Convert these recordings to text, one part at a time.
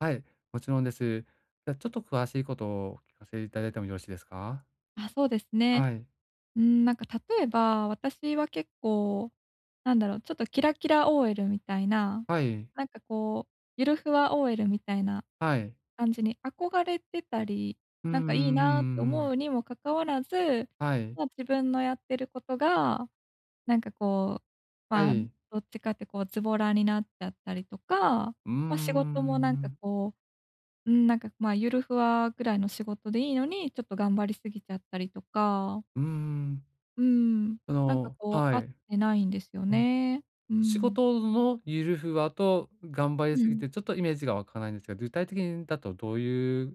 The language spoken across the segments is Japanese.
はい、もちろんです。じゃあ、ちょっと詳しいことをお聞かせいただいてもよろしいですか？あ、そうですね。はい。うーん、なんか例えば、私は結構、なんだろう、ちょっとキラキラ OL みたいな、はい。なんかこう、ゆるふわ OL みたいなはい。感じに憧れてたり、うんうなんんうかいいなってんうん。思うにもかかわらず、はい。まあ、自分のやってることが、なんかこう、はまあ、い。どっちかってこう、ズボラになっちゃったりとか、うんうんまあ、仕事うもなんんうかん。こう、うーん、なんか、ま、ゆるふわぐらいの仕事でいいのに、ちょっと頑張りすぎちゃったりとか。うーん。うん、あなんかのこうは合っい。てないんですようん。ね。う仕ん。事のゆるふわと頑張りうすぎん。てちょっとイメージがわかないんですが、具体的にだとどういう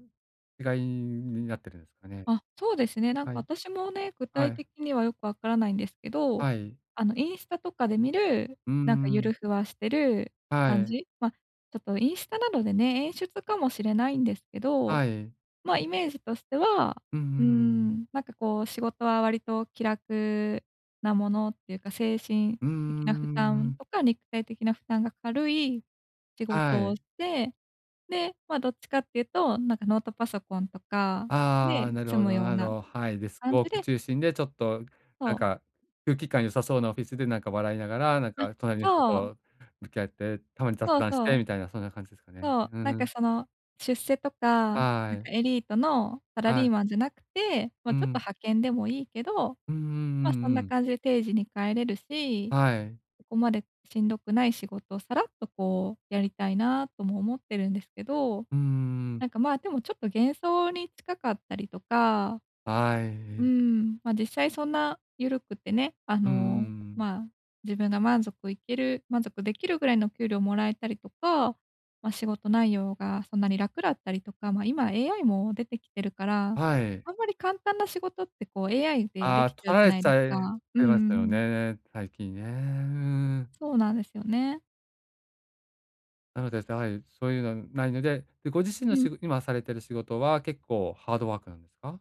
違いになってるんすかね？あ、そうですね。なんはかい。私もね、具は体い。的にはよくわからないんですけど、はい。あの、インスタとかで見る、うなんかんうゆるん。ふわしてるは感い。じ？ま、ちょっとインスタなどでね、演出かもしれないんですけど、はい。まあ、イメージとしては、うん、うーうーん、ん。なんかこう、仕事は割と気楽なものっていうか、精神うんう的な負んうんう担ん。とか肉体的な負担が軽い仕は事をしい。て、で、まあ、どっちかっていうと、なんかノートパソコンとかああ、でなる済ほむど、ようななど。はい。デスク感ウォじークで中心でちょっとなんそう。か、空気感良さそうなオフィスで、なんか笑いながら、なんうん、か隣の人そう。と向き合って、たまに雑そう談しそてう。みたいなそんな感じですかね。そう、うんなんうかん。その出世とか、なんはい。かエリートのサラはリい。ーマンじゃなくて、ま、うちょっとん。派遣でもいいけど、うんうんま、うそんんうなん。感じ定時に帰れるし、はい。そこまでしんどくない仕事をさらっとこう、やりたいなとも思ってるんですけど、うんうんうん。なんか、ま、でもちょっと幻想に近かったりとか、はうい。ん、ま、実際そんなゆるくてね、あうんうの、んうん。まあ、自分が満足いける満足できるぐらいの給料もらえたりとか、ま、仕事内容がそんなに楽だったりとか、ま、今 AI も出てきてるから、はい。あんまり簡単な仕事ってこう、AI であであ、き取ちゃうじらゃれないちですゃいっか。うんてうましんうたよん。ね、最近ね。うーん。そうなんですよね。なので、じゃい、そういうのないので、で、ご自身うのん。しご今されてる仕事は結構ハードワークなんすか？